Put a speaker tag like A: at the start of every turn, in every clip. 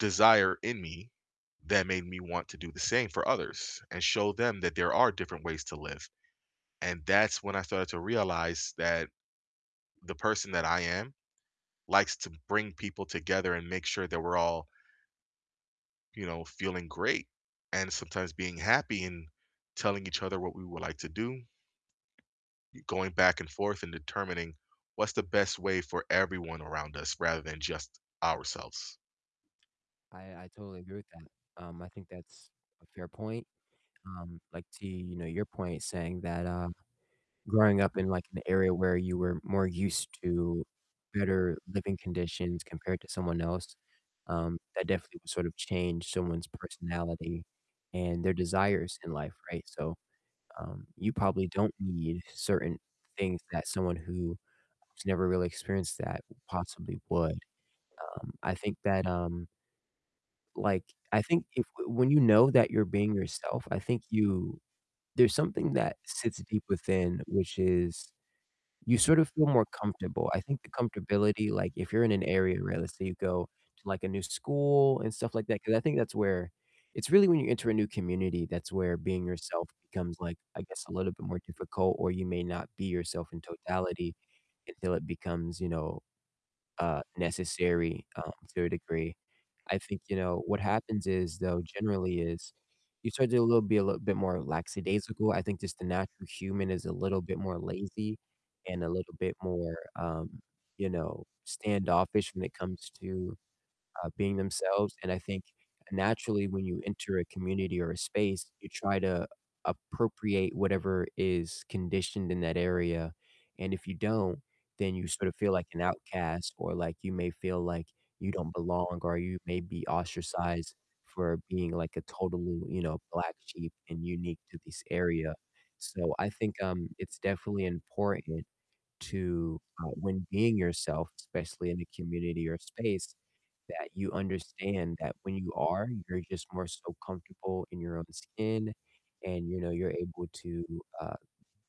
A: desire in me that made me want to do the same for others and show them that there are different ways to live, and that's when I started to realize that the person that I am likes to bring people together and make sure that we're all you know, feeling great and sometimes being happy and telling each other what we would like to do y going back and forth and determining what's the best way for everyone around us rather than just ourselves.
B: I I totally agree with that, um, I think that's a fair point, um, like to, you know, your point saying that, uh, growing up in, like, an area where you were more used to better living conditions compared to someone else, um, that definitely would sort of change someone's personality and their desires in life, right, so, um, you probably don't need certain things that someone who has never really experienced that possibly would, um, I think that, um like I think if w when you know that you're being yourself, I think you there's something that sits deep within, which is you sort of feel more comfortable. I think the comfortability, like if you're in an area where let's say you go to, like, a new school and stuff like that, 'cause I think that's where it's really when you enter a new community, that's where being yourself becomes, like, I guess, a little bit more difficult, or you may not be yourself in totality until it becomes, you know, uh, necessary, um, to a degree. I think, you know, what happens is though generally is you start to lil be a little bit more lackadaisical, I think just the natural human is a little bit more lazy and a little bit more, um, you know, standoffish when it comes to, uh, being themselves, and I think naturally when you enter a community or a space, you try to appropriate whatever is conditioned in that area, and if you don't, then you sort of feel like an outcast or, like, you may feel like you don't belong, or you may be ostracized for being, like, a totally, you know, black sheep and unique to this area. So I think, um, it's definitely important to, uh, when being yourself, especially in a community or a space, that you understand that when you are, you're just more so comfortable in your own skin and, you know, you're able to, uh,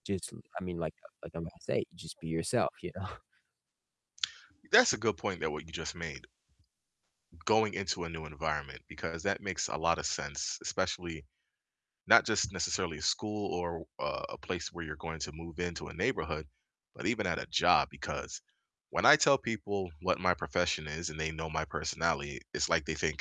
B: just, u I mean, like, uh, like I'm gonna say, just be yourself, you know?
A: That's a good point that what you just made, going into a new environment, because that makes a lotta sense, especially not just necessarily a school or a a place where you're going to move into a neighborhood, but even at a job, because when I tell people what my profession is and they know my personality, it's like they think